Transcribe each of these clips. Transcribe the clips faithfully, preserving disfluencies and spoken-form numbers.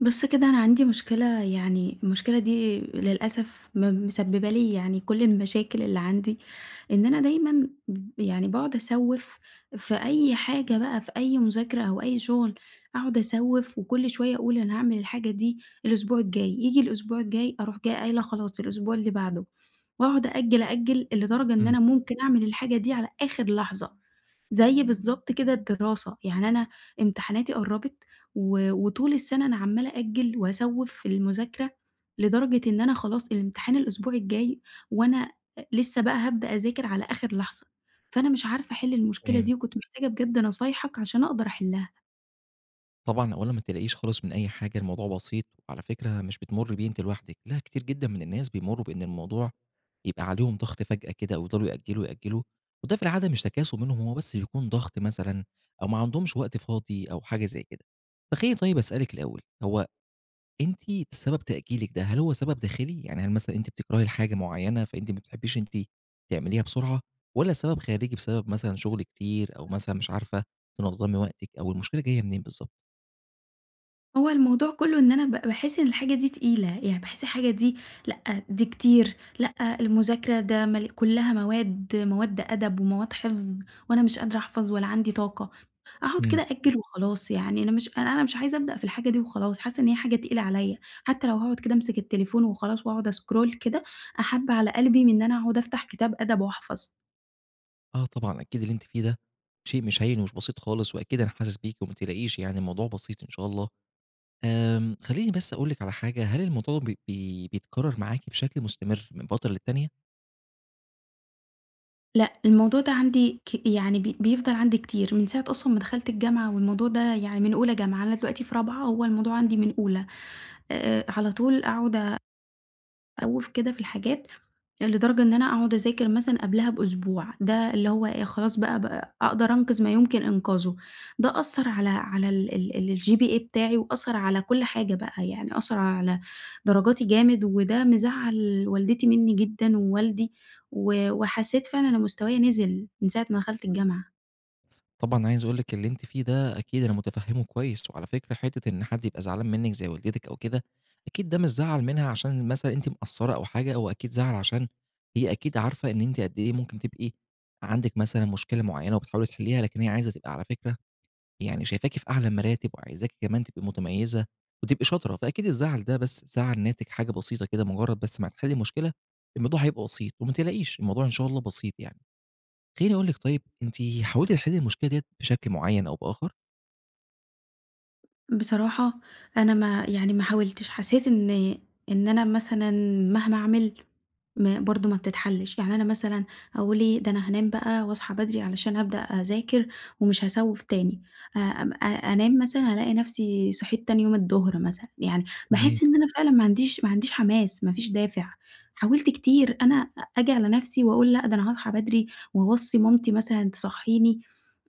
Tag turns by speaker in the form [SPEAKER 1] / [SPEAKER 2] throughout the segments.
[SPEAKER 1] بُص كده أنا عندي مشكلة يعني المشكلة دي للأسف م مسببة لي يعني كُلّ المشاكل اللي عندي، إن أنا دايمًا ب يعني باقعُد أسوِّف في أي حاجة بقى، في أي مُذاكرة أو أي شُغل، أقعُد أسوِّف، وكُلّ شوية أقول أنا هاعمل الحاجة دي الأسبوع الجاي، ييجي الأسبوع الجاي أروح جاية قايلة خلاص الأسبوع اللي بعده، وأقعُد أأجل، أأجل، لدرجة إن
[SPEAKER 2] إمم.
[SPEAKER 1] أنا ممكن أعمل الحاجة دي على آخر لحظة، زي بالضبط كده الدراسة، يعني أنا امتحاناتي قربت، و وطول السنة أنا عمالة أأجل وأسوِّف في المُذاكرة، لدرجة إن أنا خلاص الامتحان الأسبوع الجاي، وأنا أ لسه بقى هابدأ أذاكر على آخر لحظة، فأنا مش عارفة أحِلّ المشكلة
[SPEAKER 2] تمام.
[SPEAKER 1] دي! وكنت محتاجة بجد نصايحك عشان أقدر أحِلّها.
[SPEAKER 2] طبعًا، أولًا ما تقلقيش خالص من أي حاجة، الموضوع بسيط، على فكرة مش بتمُري بيه أنتِ لوحدِك، لأ، كتير جدًا من الناس بيمروا بإن الموضوع يبقى عليهم ضغط فجأة كده، ويفضلوا يأجلوا، يأجلوا، وده في العادة مش تكاسُل منهم، هُم بس بيكون ضغط مثلًا، أو ما عندهُمش وقت فاضي أو حاجة زي كده، فخلّيني طيب أسألِك الأول، هو أنتِ سبب تأجيلِك ده هل هو سبب داخلي؟ يعني هل مثلًا أنت بتكرهي الحاجة مُعيّنة، فأنتِ ما بتحبيش أنتِ تعمليها بسُرعة؟ والَّا السبب خارجي، بسبب مثلًا شُغل كتير، أو مثلًا مش عارفة تنظمي وقتِك؟ أو المشكلة جاية منين بالضبط؟
[SPEAKER 1] هو الموضوع كُلّه إن أنا ب باحِسّ إن الحاجة دي تقيلة، يعني باحِسّ الحاجة دي لأ، دي كتير، لأ، المُذاكرة ده م كُلّها مواد مواد أدب ومواد حفظ، وأنا مش قادرة أحفظ ولا عندي طاقة، أقعُد كده
[SPEAKER 2] امم.
[SPEAKER 1] أأجّل وخلاص، يعني أنا مش أن أنا مش عايزة أبدأ في الحاجة دي وخلاص، حاسة إن هي حاجة تقيلة عليّا، حتى لو هاقعُد كده أمسِك التليفون وخلاص، وأقعد أسكرول كده أحب على قلبي من إن أنا أقعُد أفتح كتاب أدب وأحفظ.
[SPEAKER 2] آه طبعًا، أكيد اللي أنتِ فيه ده، شيء مش هين ومش بسيط خالص، وأكيد أنا حاسِس بيكِ، وما تقلقيش يعني الموضوع بسيط إن شاء الله، آمم خلّيني بس أقول لِك على حاجة، هل الموضوع ده بيت بي بيتكرر معاكِ بشكل مُستمر من فترة للتانية؟
[SPEAKER 1] لأ الموضوع ده عندي ك يعني ب بيفضل عندي كتير، من ساعة أصلًا ما دخلت الجامعة والموضوع ده يعني من أولى جامعة، أنا دلوقتي في رابعة، هوّ الموضوع عندي من أولى، آآ على طول أقعُد آآ أ أوِّف كده في الحاجات، لدرجة إن أنا أقعُد أذاكر مثلًا قبلها بأسبوع، ده اللي هو إيه خلاص بقى ب أقدر أنقِذ ما يمكن إنقاذُه، ده أثّر على على ال ال الGPA بتاعي، وأثّر على كُلّ حاجة بقى، يعني أثّر على درجاتي جامد، وده مزعّل والدتي مني جدًا ووالدي، و وحسيت فعلًا إن مستوايَا نزِل من ساعة ما دخلت الجامعة.
[SPEAKER 2] طبعًا، عايز أقول لكِ، اللي أنتِ فيه ده أكيد أنا متفهمه كويس، وعلى فكرة، حتة إن حد يبقى زعلان منِك، زي والدتِك أو كده، أكيد ده مش زعل منها عشان مثلًا أنتِ مقصرة أو حاجة، هو أكيد زعل عشان هي أكيد عارفة إن أنتِ قد إيه ممكن تبقى عندِك مثلًا مشكلة معينة، وبتحاولي تحلّيها، لكن هي عايزة تبقى على فكرة، يعني شايفاكِ في أعلى المراتب، وعايزاكِ كمان تبقي متميزة، وتبقي شاطرة، فأكيد الزعل ده بس زعل ناتج حاجة بسيطة كده، مجرد بس ما هتحلّي المشكلة، الموضوع هيبقى بسيط، وما تقلقيش، الموضوع إن شاء الله بسيط يعني. خلّيني أقول لكِ، طيب أنتِ حاولتِ تحلّي المشكلة ديّة بشكل معين أو بآخر؟
[SPEAKER 1] بصراحة، أنا ما يعني ما حاولتش، حسيت إن، إن أنا مثلًا مهما أعمل، ما برضه ما بتتحلش، يعني أنا مثلًا أقول إيه ده أنا هانام بقى، وأصحى بدري علشان أبدأ أذاكر، ومش هاسوّف تاني، آآ أم أ أنام مثلًا، ألاقي نفسي صحيت تاني يوم الظهر مثلًا، يعني
[SPEAKER 2] تمام.
[SPEAKER 1] باحس إن أنا فعلًا ما عنديش ما عنديش حماس، ما فيش دافع، حاولت كتير أنا آجي على نفسي، وأقول لأ، ده أنا هاصحى بدري، وأوصّي مامتي مثلًا تصحيني،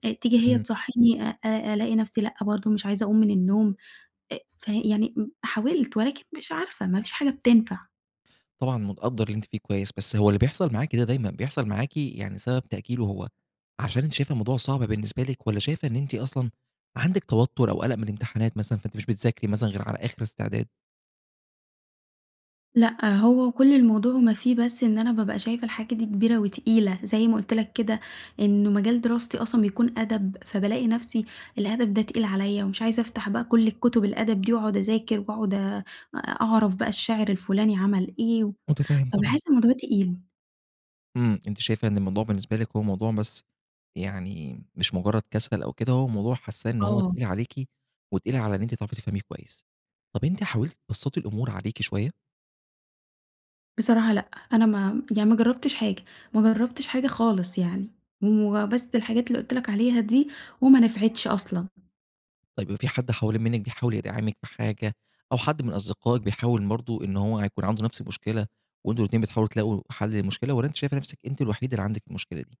[SPEAKER 1] أ تيجي هي
[SPEAKER 2] إمم.
[SPEAKER 1] تصحيني، آآ أ ألاقي نفسي لأ، برضه مش عايزة أقوم من النوم، أ ف يعني م حاولت، ولكن مش عارفة، ما فيش حاجة بتنفع.
[SPEAKER 2] طبعًا متقدَّر اللي أنتِ فيه كويس، بس هو اللي بيحصَل معاكِ ده دايمًا بيحصَل معاكِ؟ يعني سبب تأجيله هو عشان أنتِ شايفة الموضوع صعب بالنسبة لِك، والّا شايفة إن أنتِ أصلًا عندِك توتر أو قلق من الامتحانات مثلًا، فأنتِ مش بتذاكري مثلًا غير على آخر استعداد؟
[SPEAKER 1] لأ، هو كل الموضوع وما فيه بس إن أنا بابقى شايفة الحاجة دي كبيرة وتقيلة، زي ما قُلت لك كده، إنه مجال دراستي أصلًا بيكون أدب، فبالاقي نَفسي الأدب ده تقيل عليَّ، ومش عايزة أفتح بقى كل الكتب الأدب دي، وأقعد أذاكر، وأقعد آآ أعرَف بقى الشاعر الفلاني عمل إيه، و
[SPEAKER 2] مُتفهِّم طبعًا.
[SPEAKER 1] فباحس الموضوع تقيل.
[SPEAKER 2] امم، أنتِ شايفة إن الموضوع بالنسبة لِك هو موضوع بس يعني، مش مجرد كسل أو كده، هو موضوع حاسَّاه إن هو
[SPEAKER 1] آه.
[SPEAKER 2] تقيل عليكِ، وتقيل على إن أنتِ تعرفي تفهَميه كويس. طب أنتِ حاولتِ تبسَّطي الأمور عليكِ شوية؟
[SPEAKER 1] بصراحة، لأ، أنا ما يعني ما جربتش حاجة، ما جربتش حاجة خالص يعني، وبس الحاجات اللي قلت لك عليها دي، وما نفعتش أصلًا.
[SPEAKER 2] طيب، في حد حوالين منِّك بيحاول يدعمِك بحاجة، أو حد من أصدقائِك بيحاول برضو إن هو هيكون عنده نَفس المشكلة، وأنتم الاتنين بتحاولوا تلاقوا حل للمشكلة؟ والّا أنتِ شايفة نفسِك أنتِ الوحيدة اللي عندِك المشكلة دي؟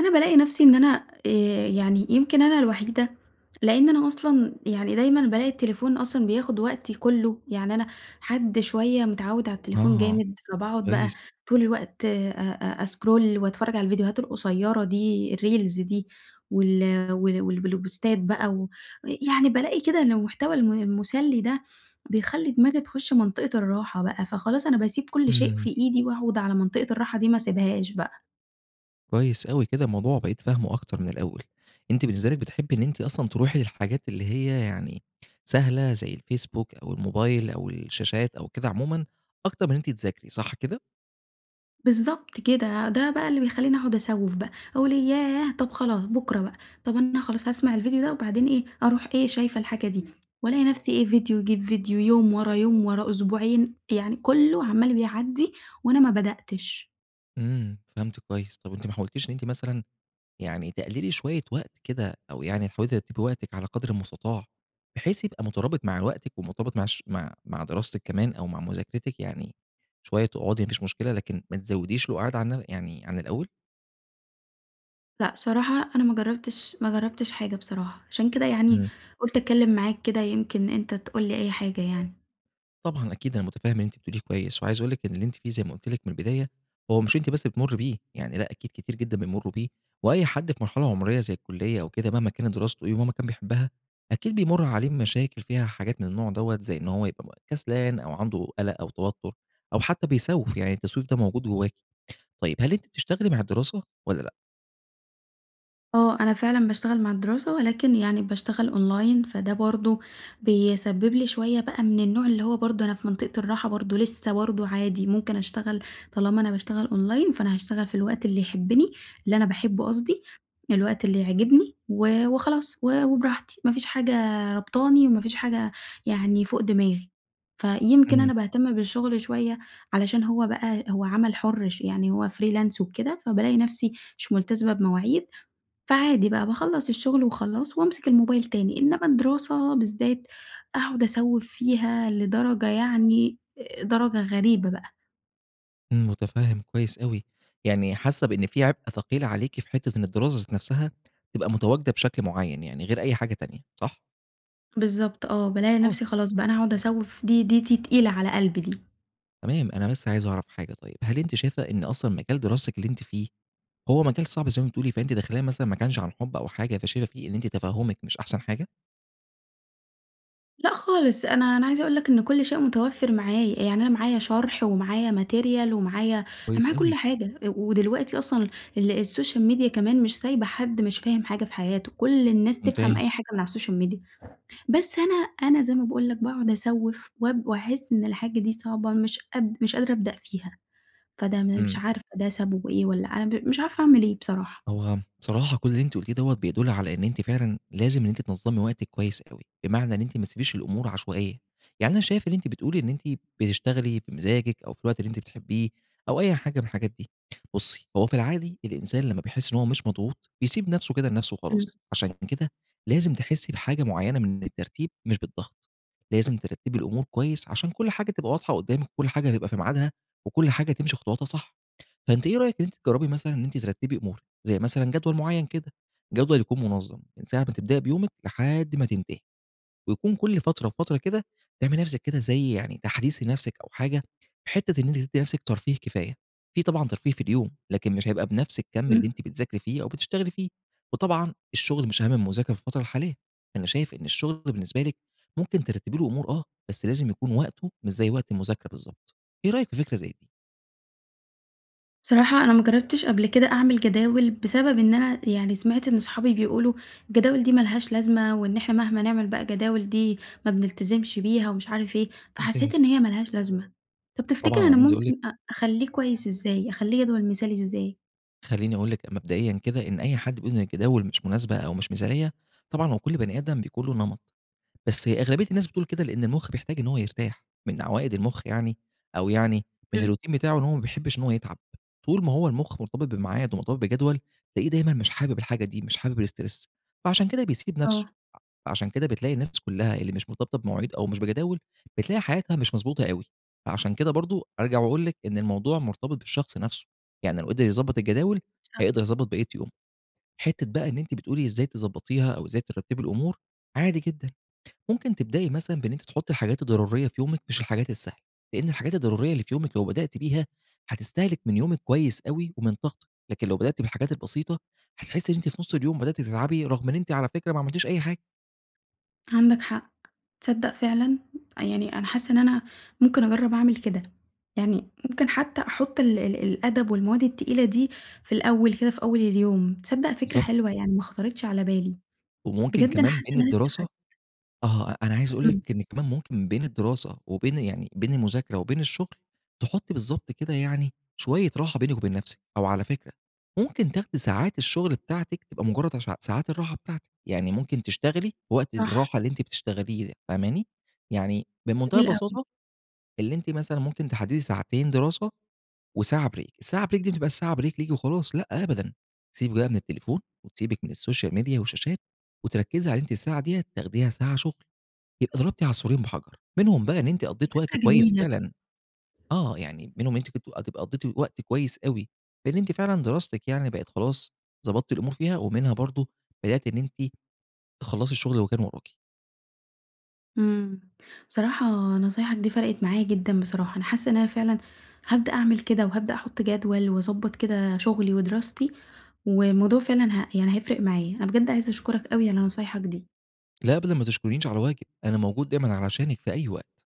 [SPEAKER 1] أنا بالاقي نَفسي إن أنا آآ يعني يمكن أنا الوحيدة لإن أنا أصلًا يعني دايمًا بالاقي التليفون أصلًا بياخد وقتي كُلّه، يعني أنا حد شوية متعود على التليفون
[SPEAKER 2] آه،
[SPEAKER 1] جامد، فباقعُد بقى
[SPEAKER 2] كويس.
[SPEAKER 1] طول الوقت أ أ أسكرول وأتفرج على الفيديوهات القصيرة دي الReels دي، وال وال والبل بوستات بقى، و آآ يعني بالاقي كده إن المحتوى الم المُسلّي ده، بيخلّي دماغي تخُشّ منطقة الراحة بقى، فخلاص أنا باسيب كُلّ شيء في
[SPEAKER 2] امم.
[SPEAKER 1] إيدي، وأقعُد على منطقة الراحة دي ما اسيبهاش بقى.
[SPEAKER 2] كويس أوي، كده الموضوع بقيت فاهمُه أكتر من الأول، أنتِ بالنسبة لِك بتحبي إن أنتِ أصلًا تروحي للحاجات اللي هي يعني سهلة، زي الفيسبوك أو الموبايل أو الشاشات أو كده عمومًا، أكتر من إن أنتِ تذاكري صح كده؟
[SPEAKER 1] بالضبط كده، ده بقى اللي بيخلّيني أقعُد أسوّف بقى، أقول ياه! طب خلاص بكرة بقى، طب أنا خلاص هاسمع الفيديو ده وبعدين إيه أروح إيه شايفة الحاجة دي، وألاقي نفسي إيه فيديو يجيب فيديو، يوم ورا يوم، ورا أسبوعين، يعني كُلّه عَمّال بيعدي وأنا ما بدأتِش.
[SPEAKER 2] إمم، فهَمتِك كويس، طب أنتِ ما حاولتيش إن أنتِ مثلًا يعني تقلِّلي شوية وقت كده، أو يعني حاولتِ ترتبي وقتِك على قدر المُستطاع، بحيث يبقى مُترابط مع وقتِك، ومُرتبط مع ش مع مع دراستِك كمان، أو مع مذاكرتِك، يعني شوية تقعدي ما فيش مشكلة، لكن ما تزوديش القُعاد عن يعني عن الأول.
[SPEAKER 1] لأ، صراحة، أنا ما جربتش ما جربتش حاجة بصراحة، عشان كده يعني
[SPEAKER 2] امم.
[SPEAKER 1] قلت أتكلم معاك كده، يمكن أنت تقول لي أي حاجة يعني.
[SPEAKER 2] طبعًا، أكيد أنا متفهم اللي أنتِ بتقوليه كويس، وعايز أقول لِك إن اللي أنتِ فيه، زي ما قلت لِك من البداية، هو مش أنتِ بس اللي بتمرّي بِه، يعني لأ، أكيد كتير جدًا بيمروا بِه، وأي حد في مرحلة عمرية زي الكلّية أو كده، مهما كانت دراسته إيه، ومهما كان بيحبها، أكيد بيمر عليه مشاكل فيها حاجات من النوع دوّة، زي إن هوَ يبقى كسلان، أو عنده قلق أو توتر، أو حتى بيسوّف، يعني التسويف ده موجود جواكِ. طيب، هل أنتِ بتشتغلي مع الدراسة، والّا لأ؟
[SPEAKER 1] آه، أنا فعلًا باشتغل مع الدراسة، ولكن يعني باشتغل أونلاين، فده برضو بيسبب لي شوية بقى من النوع اللي هو برضو أنا في منطقة الراحة برضو، لسه برضو عادي، ممكن أشتغل طالما أنا بشتغل أونلاين، فأنا هاشتغل في الوقت اللي يحبني اللي أنا باحبه قصدي، الوقت اللي يعجبني، و وخلاص، و وبراحتي، ما فيش حاجة رابطاني، وما فيش حاجة يعني فوق دماغي، فيمكن
[SPEAKER 2] امم.
[SPEAKER 1] أنا باهتم بالشغل شوية، علشان هو بقى هو عمل حُر، ش يعني هو freelance وكده، فبالاقي نفسي مش ملتزمة بمواعيد، فعادي بقى، باخّلص الشغل، وخلاص، وأمسك الموبايل تاني، إنما الدراسة بالذات، أقعد أسوِّف فيها، لدرجة، يعني آآ درجة غريبة بقى.
[SPEAKER 2] امم، مُتفهم كويس أوي، يعني حاسة بإن في عبء ثقيل عليكِ في حتة إن الدراسة ذات نفْسها تبقى متواجدة بشكل معين يعني غير أي حاجة تانية، صح؟
[SPEAKER 1] بالضبط آه، بالاقي نفْسي
[SPEAKER 2] [unintelligible]
[SPEAKER 1] خلاص بقى أنا هاقعد أسَوّف دي دي دي تقيلة على قلبي دي.
[SPEAKER 2] تمام، أنا بس عايز أعرف حاجة طيب، هل أنتِ شايفة إن أصلًا مجال دراستِك اللي أنتِ فيه، هو مجال صعب زي ما بتقولي فأنتِ داخلاه مثلًا ما كانش عن حُب أو حاجة، فشايفة فيه إن أنتِ تفهُمِك مش أحسن حاجة؟
[SPEAKER 1] لأ خالص، أنا أنا عايزة أقول لك إن كل شيء متوفر معايا. يعني أنا معايا شرح ومعايا Material ومعايا أنا
[SPEAKER 2] كويس
[SPEAKER 1] معايا كل
[SPEAKER 2] أوي.
[SPEAKER 1] حاجة. ودلوقتي أصلًا ال الSocial media كمان مش سايبة حد مش فاهم حاجة في حياته. كل الناس تفهم أي
[SPEAKER 2] ممتاز.
[SPEAKER 1] حاجة من على الSocial media بس أنا أنا زي ما باقول لك باقعد أسَوّف وأب وأحس إن الحاجة دي صعبة مش قاد مش قادرة أبدأ فيها. فده م مش
[SPEAKER 2] امم.
[SPEAKER 1] عارفة ده سببه إيه! والّا أنا ب مش عارفة أعمل إيه بصراحة.
[SPEAKER 2] هو بصراحة كل اللي أنتِ قُلتيه دوّة بيدُل على إن أنتِ فعلًا لازم إن أنتِ تنظّمي وقتِك كويس أوي؛ بمعنى إن أنتِ ما تسيبيش الأمور عشوائية. يعني أنا شايف إن أنتِ بتقولي إن أنتِ بتشتغلي بمزاجك أو في الوقت اللي أنتِ بتحبيه أو أي حاجة من الحاجات دي. بُصي، هو في العادي الإنسان لمّا بيحس إن هو مش مضغوط بيسيب نفْسه كده لنفْسه
[SPEAKER 1] امم.
[SPEAKER 2] وخلاص، عشان كده لازم تحسي بحاجة معينة من الترتيب مش بالضغط، لازم ترتبي الأمور كويس عشان كل حاجة تبقى واضحة قدامِك وكل حاجة تبقى في ميعادها وكل حاجة تمشي خطواتها صح. فأنتِ إيه رأيِك إن أنتِ تجربي مثلًا إن أنتِ ترتبي أمورك؟ زي مثلًا جدول معين كده، جدول يكون منظم من ساعة ما تبدئي بيومك لحد ما تنتهي ويكون كل فترة وفترة كده تعملي لنفْسِك كده زي يعني تحديث لنفْسِك أو حاجة، حتة إن أنتِ تدي لنفْسِك ترفيه كفاية. في طبعًا ترفيه في اليوم، لكن مش هيبقى بنفْس الكم اللي
[SPEAKER 1] امم.
[SPEAKER 2] أنتِ بتذاكري فيه أو بتشتغلي فيه، وطبعًا الشغل مش أهم من المذاكرة في الفترة الحالية. أنا شايف إن الشغل بالنسبة لِك ممكن ترتبي له أمور آه، بس لازم يكون وقته مش زي وقت المذاكرة بالضبط، إيه رأيك في فكرة زي دي؟
[SPEAKER 1] بصراحة، أنا ما جرّبتش قبْل كده أعمِل جداول، بسبب إن أنا يعني سمعْت إن صحابي بيقولوا الجداول دي ما لهاش لازمة، وإن إحنا مهْما نعمل بقى جداول دي، ما بنلتزمْش بيها، ومش عارف إيه، فحسّيت إن
[SPEAKER 2] وبتنجِز.
[SPEAKER 1] هي ما لهاش لازمة. طَب تفتكر
[SPEAKER 2] طبعًا، أنا
[SPEAKER 1] أنا
[SPEAKER 2] عايز أقول
[SPEAKER 1] ممكن
[SPEAKER 2] لِك
[SPEAKER 1] أ أخلّيه كويّس إزّاي، أخليه جدول مثالي إزّاي؟
[SPEAKER 2] خلّيني أقول لِك، مبدئيًا كده، إن أي حد بيقول إن الجداول مش مناسبة أو مش مثاليّة، طبعًا هوّ كل بنِي آدم بيكون له نمَط، بس أغلبية الناس بتقول كده لأن المخ بيحتاج إن هوّ يرتاح، من عوائد المخ يعني، أو يعني من
[SPEAKER 1] امم.
[SPEAKER 2] الروتين بتاعُه، إن هو ما بيحِبّش إن هو يتعَب، طول ما هو المخ مرتبِط بميعاد، ومرتبِط بجدوَل، تلاقيه دايمًا مش حابب الحاجة دي، مش حابب الstress فعَشان كده بيسِيب نفْسه،
[SPEAKER 1] آه.
[SPEAKER 2] ع عشان كده بتلاقي الناس كلّها اللي مش مرتبطة بمواعيد، أو مش بجداول، بتلاقي حياتها مش مضبوطة أوي، فعَشان كده برضه أرجَع وأقول لِك إن الموضوع مرتبِط بالشخص نفْسه، يعني لو قدِر يضبّط الجداول،
[SPEAKER 1] صح.
[SPEAKER 2] هيقدَر يضبّط بقيّة يومُه. حتّة بقى إن أنتِ بتقولي إزّاي تضبّطيها، أو إزّاي ترتّبي الأمور، عادي جدًا، ممكن تبدئي مثلًا بإن أنتِ تحطّي الحاجات الضرورية في يومِك، مش الحاجات السهلة، لأن الحاجات الضرورية اللي في يومِك، لو بدأْتِ بيها، حتستهلك من يومِك كويّس أوي، ومن طاقتِك، لكن لو بدأْتِ بالحاجات البسيطة، هتحسّي إن أنتِ في نُص اليوم بدأْتِ تتعبِي، رغم إن أنتِ، على فكرة، ما عمَلتيش أي حاجة.
[SPEAKER 1] عندك حق، تصدق فعلًا، يعني أنا حاسة إن أنا ممكن أجرب أعمل كده، يعني ممكن حتى أحُطّ ال ال الأدب والمواد التقيلة دي في الأول كده في أول اليوم، تصدق فكرة
[SPEAKER 2] بالضبط.
[SPEAKER 1] حلوة يعني ما خطرِتش على بالي،
[SPEAKER 2] وممكن
[SPEAKER 1] بجد أنا
[SPEAKER 2] كمان
[SPEAKER 1] حاسة
[SPEAKER 2] بين
[SPEAKER 1] إن أنا
[SPEAKER 2] الدراسة
[SPEAKER 1] استفدت.
[SPEAKER 2] آه، أنا عايز أقول
[SPEAKER 1] امم.
[SPEAKER 2] لِك إنِك كمان ممكن بين الدراسة وبين يعني بين المُذاكرة وبين الشُّغل، تحُطي بالضبط كده يعني شوية راحة بينِك وبين نفسِك، أو على فكرة ممكن تاخدي ساعات الشُّغل بتاعتِك، تبقى مجرد عش ساعات الراحة بتاعتِك، يعني ممكن تشتغلي وقت
[SPEAKER 1] صح.
[SPEAKER 2] الراحة اللي أنتِ بتشتغليه، فاهماني؟ يعني بمُنتهى
[SPEAKER 1] جميل أوي.
[SPEAKER 2] البساطة، اللي أنتِ مثلًا ممكن تحددي ساعتين دراسة، وساعة Break الساعة Break دي ما تبقاش ساعة Break ليكِ وخلاص، لأ، أبدًا، تسيبِك من التليفون، وتسيبِك من الSocial Media والشاشات، وتركزي على أنتِ الساعة دية تاخديها ساعة شُغل، يبقى ضربتِ عصفورين بحجر؛ منهم بقى إن أنتِ
[SPEAKER 1] دي
[SPEAKER 2] قضيتِ وقت
[SPEAKER 1] فكرة
[SPEAKER 2] كويس
[SPEAKER 1] جميلة بجد.
[SPEAKER 2] فعلًا آه، يعني منهم أنتِ كنتِ تبقي قضيتِ وقت كويس أوي، لإن أنتِ فعلًا دراستِك يعني بقت خلاص ضبطتِ الأمور فيها، ومنها برضه بدأتِ إن أنتِ تخلّصي الشُّغل اللي كان ورَاكِ.
[SPEAKER 1] امم، بصراحة نصايحك دي فرقت معايا جدًا بصراحة، أنا حاسة إن أنا فعلًا هابدأ أعمل كده، وهابدأ أحُطّ جدول، وأضبّط كده شُغلي ودراستي، والموضوع فعلًا ه يعني هيفرق معايا، أنا بجد عايزة أشكرك أوي على نصايحك دي.
[SPEAKER 2] لأ، أبدًا ما تشكرينيش على واجب، أنا موجود دايمًا علشانِك في أي وقت.